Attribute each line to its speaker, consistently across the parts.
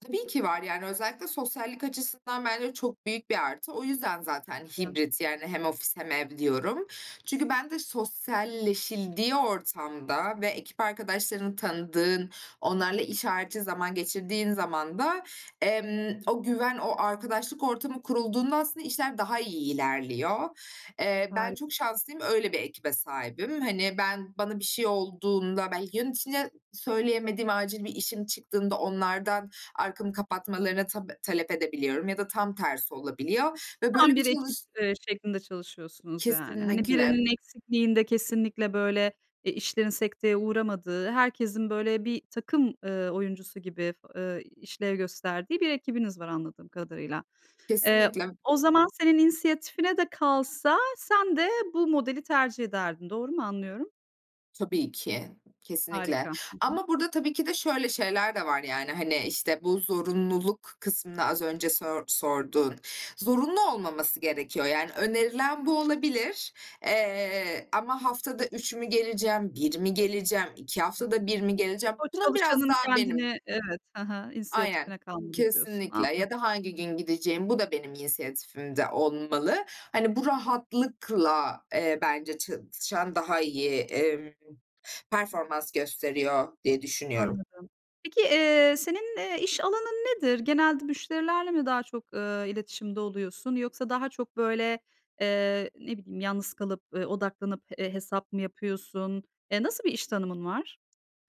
Speaker 1: Tabii ki var, yani, özellikle sosyallik açısından bence çok büyük bir artı. O yüzden, zaten,
Speaker 2: [unintelligible]
Speaker 1: hibrit, yani hem ofis, hem ev diyorum. Çünkü bende sosyalleşildiği ortamda ve ekip arkadaşlarını tanıdığın, onlarla iş harici zaman geçirdiğin zaman da, emm, o güven, o arkadaşlık ortamı kurulduğunda aslında, işler daha iyi ilerliyor. Eee, ben çok
Speaker 2: Harika.
Speaker 1: şanslıyım, öyle bir ekibe sahibim. Hani, ben bana bir şey olduğunda, belki yöneticine söyleyemediğim acil bir işim çıktığında, onlardan arkamı kapatmalarına tap talep edebiliyorum ya da tam tersi olabiliyor ve
Speaker 2: Tam
Speaker 1: böyle bir
Speaker 2: bir ekip,
Speaker 1: çalış
Speaker 2: eee, şeklinde çalışıyorsunuz yani. Hani,
Speaker 1: Kesinlikle.
Speaker 2: birinin eksikliğinde kesinlikle, böyle, e, işlerin sekteye uğramadığı, herkesin, böyle, bir takım, ııı, oyuncusu gibi, ııı, işlev gösterdiği bir ekibiniz var, anladığım kadarıyla. Eee,
Speaker 1: Kesinlikle.
Speaker 2: o zaman, senin inisiyatifine de kalsa sen de bu modeli tercih ederdin. Doğru mu anlıyorum?
Speaker 1: Tabii ki, kesinlikle
Speaker 2: Harika. Hı hı.
Speaker 1: ama burada tabii ki de şöyle şeyler de var, yani, hani, işte bu zorunluluk kısmını az önce sör sorduğun, zorunlu olmaması gerekiyor, yani önerilen bu olabilir, eee, ama haftada 3 mü geleceğim, 1 mi geleceğim, 2 haftada 1 mi geleceğim,
Speaker 2: O
Speaker 1: bunun biraz
Speaker 2: çalışanın
Speaker 1: daha benim
Speaker 2: kendini, evet, hı hı,
Speaker 1: Aynen,
Speaker 2: "İnisiyatifine kaldı." diyorsun.
Speaker 1: kesinlikle,
Speaker 2: Anladım.
Speaker 1: ya da hangi gün gideceğim, bu da benim inisiyatifimde olmalı. Hani, bu rahatlıkla, eee, bence çalışan daha iyi, emm, performans gösteriyor diye düşünüyorum.
Speaker 2: Anladım. Peki, eee, senin, eee, iş alanın nedir? Genelde müşterilerle mi daha çok, eee, iletişimde oluyorsun? Yoksa daha çok böyle, eee, ne bileyim, yalnız kalıp, ııı, odaklanıp, eee, hesap mı yapıyorsun? Eee, nasıl bir iş tanımın var?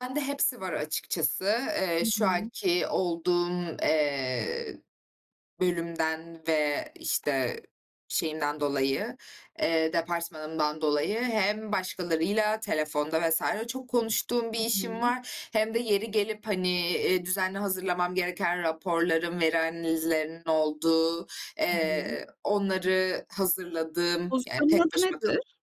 Speaker 1: Bende hepsi var açıkçası.
Speaker 2: Hı
Speaker 1: Eee, şu
Speaker 2: hı.
Speaker 1: anki olduğum, eee, bölümden ve işte şeyimden dolayı, eee, departmanımdan dolayı hem başkalarıyla telefonda vs. çok konuştuğum bir
Speaker 2: Hı
Speaker 1: işim
Speaker 2: hı.
Speaker 1: var, hem de yeri gelip, hani, eee, düzenli hazırlamam gereken raporlarım, veri analizlerinin olduğu,
Speaker 2: Hı hı.
Speaker 1: eee, onları hazırladığım, yani
Speaker 2: Pozisyonun
Speaker 1: tek
Speaker 2: adı
Speaker 1: başıma kalıp
Speaker 2: nedir?